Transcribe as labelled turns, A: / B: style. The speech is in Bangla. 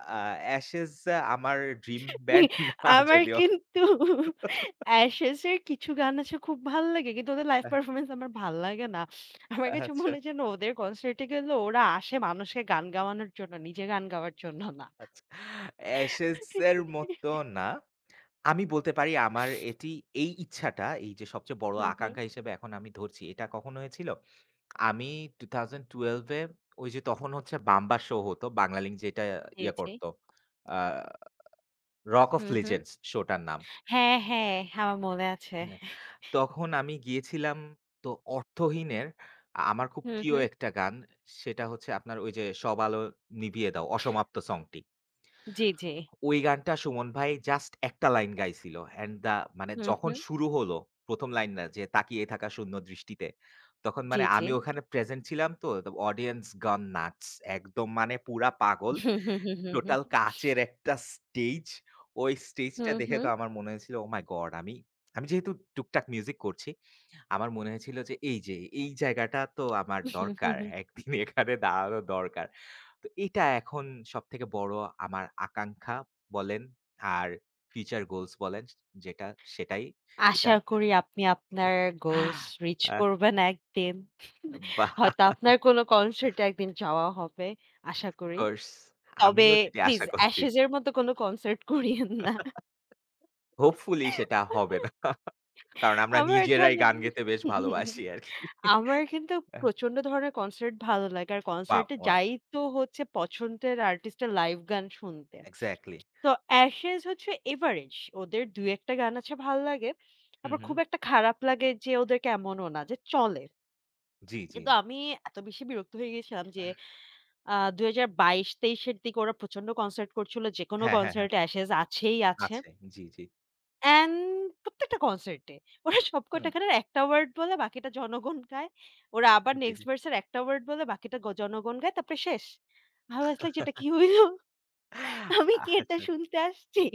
A: অ্যা Ashes অ্যা আমার ড্রিম বান্ড না
B: আমার
A: যদিও।
B: কিন্তু Ashes এর কিছু গান আছে খুব ভাল লাগে। কিন্তু ওদের লাইভ
A: আহ
B: পারফরম্যান্স আমার ভাল লাগে না। আমার কাছে
A: আচ্ছা।
B: মনে যেন ওদের কনসার্টে গেলেও, ওরা আসে মানুষকে গান গাওয়ানোর জন্য, নিজের গান গাওয়ার জন্য না।
A: আচ্ছা Ashes এর মতো না। আমি বলতে পারি আমার এটি, এই ইচ্ছাটা; এই যে সবচেয়ে বড়
B: হু, হু।
A: আকাঙ্খা হিসেবে এখন আমি ধরছি। এটা কখন হয়েছিল? আমি 2012 এ, ঐ যে তখন হচ্ছে বাম্বা শো হতো। বাংলা লিংক যেইটা
B: জি,
A: ইয়ে
B: জি।
A: করতো অ্যা রক ওফ
B: হু, হু।
A: লিজেন্ডস শোটার নাম।
B: হ্যাঁ, হ্যাঁ, আমার মনে আছে।
A: হ্যাঁ। তখন আমি গিয়েছিলাম, তো অর্থহীনের আ আমার খুব
B: হু,
A: প্রিয়
B: হু
A: একটা গান। সেটা হচ্ছে আপনার ওই যে, "সব আলো নিভিয়ে দাও" 'অসমাপ্ত' সং টি
B: জি, জি।
A: ওই গানটা সুমন ভাই জাস্ট ১ টা লাইন গাইছিল। অ্যান্ড দ্যা মানে
B: হু,
A: যখন
B: হু।
A: শুরু হলো, ১ম লাইন না যে, "তাকিয়ে থাকা শূন্য দৃষ্টিতে।" তখন
B: জি,
A: মানে
B: জি।
A: আমি ওখানে প্রেজেন্ট ছিলাম তো, তো অডিয়েন্স গান নাটস একদম মানে পুরা পাগল। টোটাল কাচের একটা স্টেজ। ওই
B: হু,
A: স্টেজটা দেখে তো
B: হু।
A: আমার মনে হয়েছিল, "ওহ মাই গড!" আমি, আমি যেহেতু টুকটাক মিউজিক করছি, আমার মনে হয়েছিল যে, "এই যে এই জায়গাটা তো আমার দরকার। একদিন এখানে দাঁড়ানো দরকার।" তো এটা এখন সবথেকে বড় আমার আকাঙ্খা বলেন, আর ফিউচার গোলস বলেন চে যেটা, সেটাই
B: আশা
A: এটা।
B: করি আপনি আপনার গোলস রিচ
A: অ্যা
B: করবেন একদিন।
A: এম বাহ!
B: হয়তো আপনার কোন কনসার্ট এ একদিন যাওয়া হবে। আশা করি।
A: অফকোর্স!
B: তবে
A: আমিও সেটি
B: প্লিজ,
A: আশা করছি।
B: Ashes এর মত কোনো কনসার্ট করিয়েন না।
A: হোপফুলি সেটা হবে না। কারণ আমরা
B: আমার
A: নিজেরাই
B: জানেন?
A: গান গেতে বেশ ভালোবাসি আরকি।
B: আমার কিন্তু
A: অ্যাহ
B: প্রচন্ড ধরনের কনসার্ট ভালো লাগে। আর
A: বা
B: কনসার্ট এ
A: ওয়াও
B: যাই তো হচ্ছে, পছন্দের আর্টিস্ট এর লাইভ গান শুনতে।
A: এক্সাক্টলি।
B: তো Ashes হচ্ছে এভারেজ, ওদের ২-১ টা গান আছে ভাল লাগে।
A: হু,
B: আবার খুব
A: হু।
B: একটা খারাপ লাগে যে ওদের কে, এমনও না যে চলে।
A: জ্বি, জ্বি।
B: কিন্তু আমি এত বেশি বিরক্ত হয়ে গেছিলাম যে, আ ২০২২-২৩ এর দিকে ওরা প্রচন্ড কনসার্ট করছিল। যেকোনো
A: হ্যাঁ, হ্যাঁ, হ্যাঁ।
B: কনসার্ট এ Ashes আছেই আছে।
A: আছে, জ্বী, জ্বী।
B: অ্যান্ড প্রত্যেকটা কনসার্ট এ। ওরা সব কয়টা
A: হুম।
B: গানের ১ টা ওয়ারড বলে, বাকিটা জনগণ গায়। ওরা আবার
A: জি, জি।
B: নেক্সট ভার্স এর ১ টা ওয়ারড বলে, বাকিটা গ জনগণ গায়, তারপরে শেষ। আই ওয়াজ লাইক "এটা কি হইল? আমি কি এটা
A: আচ্ছা।
B: শুনতে আসছি?